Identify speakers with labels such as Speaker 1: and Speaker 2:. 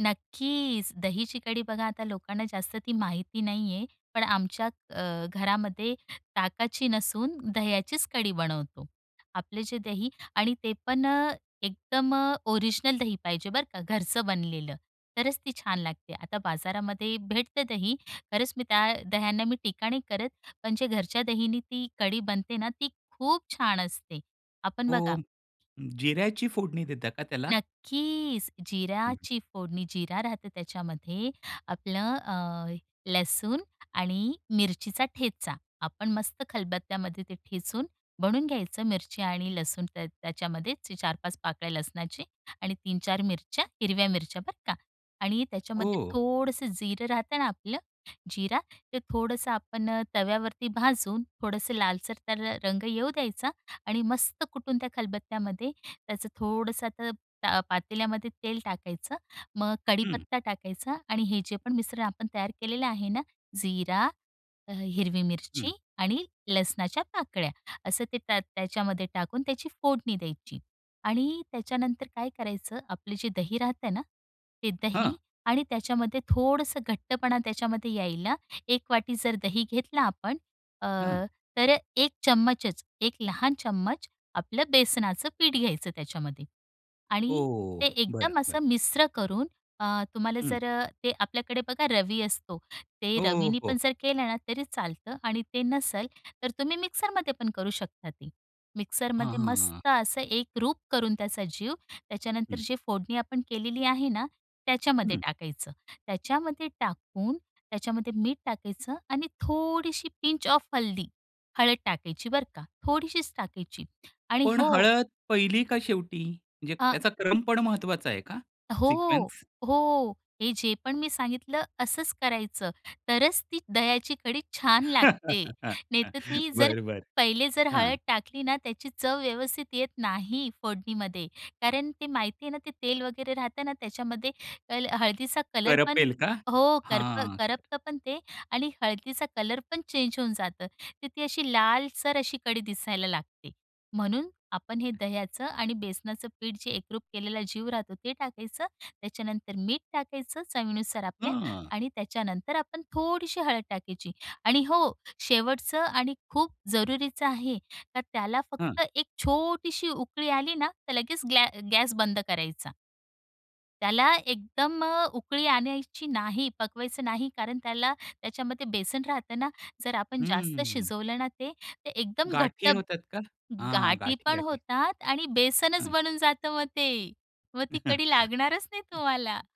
Speaker 1: नक्कीच. दहीची कढी बघा आता लोकांना जास्त ती माहिती नाही आहे. पण आमच्या अ, घरामध्ये ताकाची नसून दह्याचीच कढी बनवतो. आपले जे दही आणि ते पण अ, एकदम ओरिजिनल दही पाहिजे बरं का, घरचं बनलेलं, तरच ती छान लागते. आता बाजारामध्ये भेटते दही, खरंच मी त्या दह्यांना मी टीका नाही करत, पण जे घरच्या दहीने ती कढी बनते ना, ती खूप छान असते,.आपण
Speaker 2: हो.
Speaker 1: बघा
Speaker 2: जिऱ्याची फोडणी देता का त्याला?
Speaker 1: नक्कीच.
Speaker 2: हं.
Speaker 1: जिऱ्याची फोडणी, जिरा राहते त्याच्यामध्ये, आपलं अ, लसूण आणि मिरचीचा ठेचा. आपण मस्त खलबत्त्यामध्ये ते ठेचून बनवून घ्यायचं. मिरची आणि लसूण, त्या त्याच्यामध्ये 4-5 पाकळ्या लसणाची आणि 3-4 मिरच्या, हिरव्या मिरच्या, बरं का. आणि त्याच्यामध्ये
Speaker 2: ओह!
Speaker 1: थोडंसं जिरं राहत ना, आपलं जिरा, ते थोडंसं आपण तव्यावरती भाजून, थोडंसं लालसर तर रंग येऊ द्यायचा आणि मस्त कुटून त्या खलबत्त्यामध्ये त्याचं थोडंसं, तर अ, पातेल्यामध्ये तेल टाकायचं, मग
Speaker 2: हं.
Speaker 1: कडीपत्ता टाकायचा आणि हे जे पण मिश्रण आपण तयार केलेलं आहे ना, जिरा, अ, हिरवी मिरची
Speaker 2: हं.
Speaker 1: आणि लसणाच्या पाकळ्या, असं ते त्या त्याच्यामध्ये टाकून त्याची फोडणी द्यायची. आणि त्याच्यानंतर काय करायचं, आपली जी दही राहते ना, ते
Speaker 2: हां.
Speaker 1: दही आणि त्याच्यामध्ये थोडसं घट्टपणा त्याच्यामध्ये यायला, 1 वाटी जर दही घेतला आपण, अ,
Speaker 2: हं.
Speaker 1: तर 1 चम्मचच, 1 लहान चम्मच, आपलं बेसनाचं पीठ घ्यायचं त्याच्यामध्ये.
Speaker 2: हो,
Speaker 1: आणि
Speaker 2: हो.
Speaker 1: ते
Speaker 2: हो. बरं,
Speaker 1: एकदम
Speaker 2: बरं.
Speaker 1: असं मिश्र करून, अ, तुम्हाला
Speaker 2: हं.
Speaker 1: जर ते आपल्याकडे बघा, रवी असतो, ते
Speaker 2: हो,
Speaker 1: रवीने
Speaker 2: हो.
Speaker 1: पण जर केलं ना, तरी चालतं. आणि ते नसेल तर तुम्ही मिक्सरमध्ये पण करू शकता ते.
Speaker 2: हां,
Speaker 1: मिक्सरमध्ये
Speaker 2: हां. हां.
Speaker 1: मस्त असं एक रूप करून त्याचा जीव, त्याच्यानंतर
Speaker 2: हं.
Speaker 1: जे फोडणी आपण केलेली आहे ना, त्याच्यामध्ये
Speaker 2: हं.
Speaker 1: टाकायचं. त्याच्यामध्ये टाकून, त्याच्यामध्ये मीठ टाकायचं आणि थोडीशी पिंच ऑफ हल्दी. हळद टाकायची, बरं का, थोडीशीच टाकायची. आणि
Speaker 2: पण
Speaker 1: हो
Speaker 2: हळद पहिली का शेवटी? म्हणजे
Speaker 1: आ
Speaker 2: त्याचा क्रम पण महत्त्वाचा आहे का?
Speaker 1: हो.
Speaker 2: सिक्वेन्स?
Speaker 1: हो. हे जे पण मी सांगितलं, असंच करायचं, तरच ती दह्याची कढी छान लागते. नाहीतर ती जर,
Speaker 2: बरं, बरं.
Speaker 1: पहिले जर
Speaker 2: हां.
Speaker 1: हळद टाकली ना, त्याची चव व्यवस्थित येत नाही, फोडणीमध्ये. कारण ते माहिती आहे ना, ते तेल वगैरे राहतं ना, त्याच्यामध्ये पहिले हळदीचा कलर पण
Speaker 2: करपेल का?
Speaker 1: हो. करप
Speaker 2: हां.
Speaker 1: करपतंपण ते आणि हळदीचा कलर पण चेंज होऊन जातं, तर ती अशी लालसर अशी कढी दिसायला लागते. म्हणून आपण हे दह्याचं आणि बेसनाचं पीठ जे एकरूप केलेला जीव राहतो, ते टाकायचं. त्याच्यानंतर मीठ टाकायचं, चवीनुसार आपल्या.
Speaker 2: हां.
Speaker 1: आणि त्याच्यानंतर आपण थोडीशी हळद टाकायची. आणि हो, शेवटचं आणि खूप जरूरीचं आहे, तर त्याला
Speaker 2: हां.
Speaker 1: फक्त एक छोटीशी उकळी आली ना, तर लगेच ग्लॅ गॅस बंद करायचा. त्याला एकदम उकळी आणायची नाही, पकवायचं नाही, कारण त्याला त्याच्यामध्ये बेसन राहत ना. जर आपण जास्त
Speaker 2: हम्म.
Speaker 1: शिजवलं ना, ते एकदम घट्ट
Speaker 2: गाठी होतात का? हां,
Speaker 1: गाठी पण
Speaker 2: गाठी-गाठी.
Speaker 1: होतात आणि बेसनच
Speaker 2: हं.
Speaker 1: बनून जातं, मग ते. मग ती कढी लागणारच नाही तुम्हाला.